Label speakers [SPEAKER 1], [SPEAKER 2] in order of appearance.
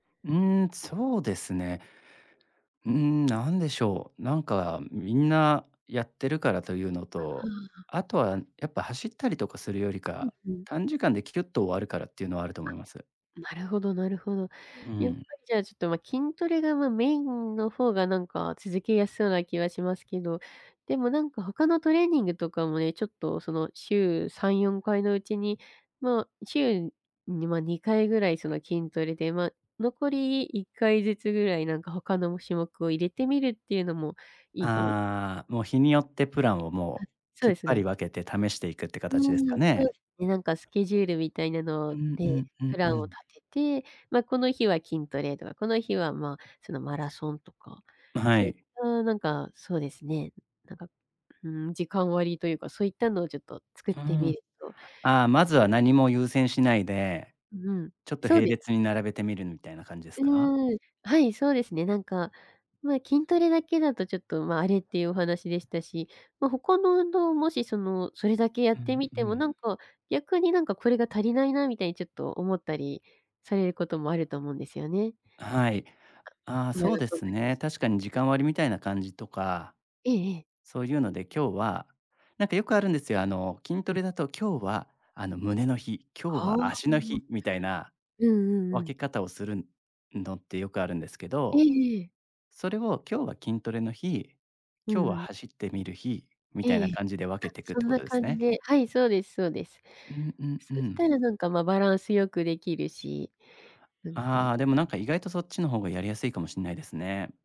[SPEAKER 1] うーん、そうですね。うーん、なんでしょう。なんかみんなやってるからというの
[SPEAKER 2] は
[SPEAKER 1] と、
[SPEAKER 2] あ。
[SPEAKER 1] あとはやっぱ走ったりとかするより
[SPEAKER 2] ふん
[SPEAKER 1] か、
[SPEAKER 2] ふん。
[SPEAKER 1] 短時間でキュッと終わるからっていうのはあると
[SPEAKER 2] あ
[SPEAKER 1] 思います。
[SPEAKER 2] っ、なるほどなるほど。
[SPEAKER 1] う
[SPEAKER 2] やっぱ
[SPEAKER 1] ん。
[SPEAKER 2] りじゃあちょっとまあ筋トレが、まあメインの方がなんか続けやすそうな気はしますけど、でもなんか他のトレーニングとかもね、ちょっとその週3、4回のうちに、まあ、週に、まあ2回ぐらいその筋トレでま、残り1回ずつぐらいなんか他の種目を入れてみるっていうのもいいかもし
[SPEAKER 1] ああ、もう日によってプランを
[SPEAKER 2] は
[SPEAKER 1] も
[SPEAKER 2] い、
[SPEAKER 1] う、
[SPEAKER 2] そう
[SPEAKER 1] きっ
[SPEAKER 2] です
[SPEAKER 1] ぱ
[SPEAKER 2] ね、なん
[SPEAKER 1] り分
[SPEAKER 2] か。
[SPEAKER 1] けて試していくって
[SPEAKER 2] う
[SPEAKER 1] 形ですか
[SPEAKER 2] ん、そうで
[SPEAKER 1] ね。
[SPEAKER 2] すね。なんかスケジュールみたいな
[SPEAKER 1] う
[SPEAKER 2] の
[SPEAKER 1] んう
[SPEAKER 2] で、
[SPEAKER 1] んう
[SPEAKER 2] プ
[SPEAKER 1] んう
[SPEAKER 2] ランを
[SPEAKER 1] ん。
[SPEAKER 2] 立てて、まあこの日は筋トレとか、この日はまあその、マラソンとか。
[SPEAKER 1] うん、は
[SPEAKER 2] そういっ
[SPEAKER 1] い。
[SPEAKER 2] たなんか、そうですね、なんか、うーん、時間割というか、そういったのをちょっと作
[SPEAKER 1] う
[SPEAKER 2] っ
[SPEAKER 1] ー
[SPEAKER 2] てみ
[SPEAKER 1] ん。
[SPEAKER 2] ると。
[SPEAKER 1] ああ、まずは何も優先しないで、
[SPEAKER 2] うん、
[SPEAKER 1] ちょっと
[SPEAKER 2] そう
[SPEAKER 1] 並
[SPEAKER 2] です。
[SPEAKER 1] 列に並べてみるみたいな感じです
[SPEAKER 2] う
[SPEAKER 1] か？
[SPEAKER 2] ーん。はい、そうですね、なんか、まあ筋トレだけだとちょっとまあ、あれっていうお話でしたし、まあ、他の運動をもしその、それだけや
[SPEAKER 1] う
[SPEAKER 2] って
[SPEAKER 1] ん
[SPEAKER 2] み
[SPEAKER 1] う
[SPEAKER 2] ても
[SPEAKER 1] ん。
[SPEAKER 2] なんか、逆になんかこれが足りないなみたいにちょっと思ったりされることもあると思うんですよね。
[SPEAKER 1] あ、はい。ああ、そうで
[SPEAKER 2] そん
[SPEAKER 1] す
[SPEAKER 2] 時
[SPEAKER 1] ね。
[SPEAKER 2] した。
[SPEAKER 1] 確かに時間割みたいな感じとか。
[SPEAKER 2] ええええ。
[SPEAKER 1] そういうので、今日は、何かよくあるんですよ、あの、筋ト
[SPEAKER 2] うん。
[SPEAKER 1] レだと今日は、あの、胸の日、今日
[SPEAKER 2] ああ。
[SPEAKER 1] は足の日みたいな
[SPEAKER 2] うんうんうん。
[SPEAKER 1] 分け方をするのってよくあるんですけ
[SPEAKER 2] え
[SPEAKER 1] ど、
[SPEAKER 2] えええ。
[SPEAKER 1] それを今日は筋トレの日、
[SPEAKER 2] う
[SPEAKER 1] 今日
[SPEAKER 2] ん
[SPEAKER 1] は
[SPEAKER 2] うん。
[SPEAKER 1] 走ってみる日、みたいな
[SPEAKER 2] ええ。
[SPEAKER 1] 感じで分
[SPEAKER 2] あ、
[SPEAKER 1] けてくっ
[SPEAKER 2] そ
[SPEAKER 1] て
[SPEAKER 2] ん
[SPEAKER 1] こ
[SPEAKER 2] な
[SPEAKER 1] とです
[SPEAKER 2] 感じ
[SPEAKER 1] ね。
[SPEAKER 2] で。はい、そうですそうです。
[SPEAKER 1] うんうんう
[SPEAKER 2] そした
[SPEAKER 1] ん。
[SPEAKER 2] らなんか、ま、バランス良くできるし。なんか。
[SPEAKER 1] ああ、でも何か意外とそっちの方がやりやすいかもしんないですね。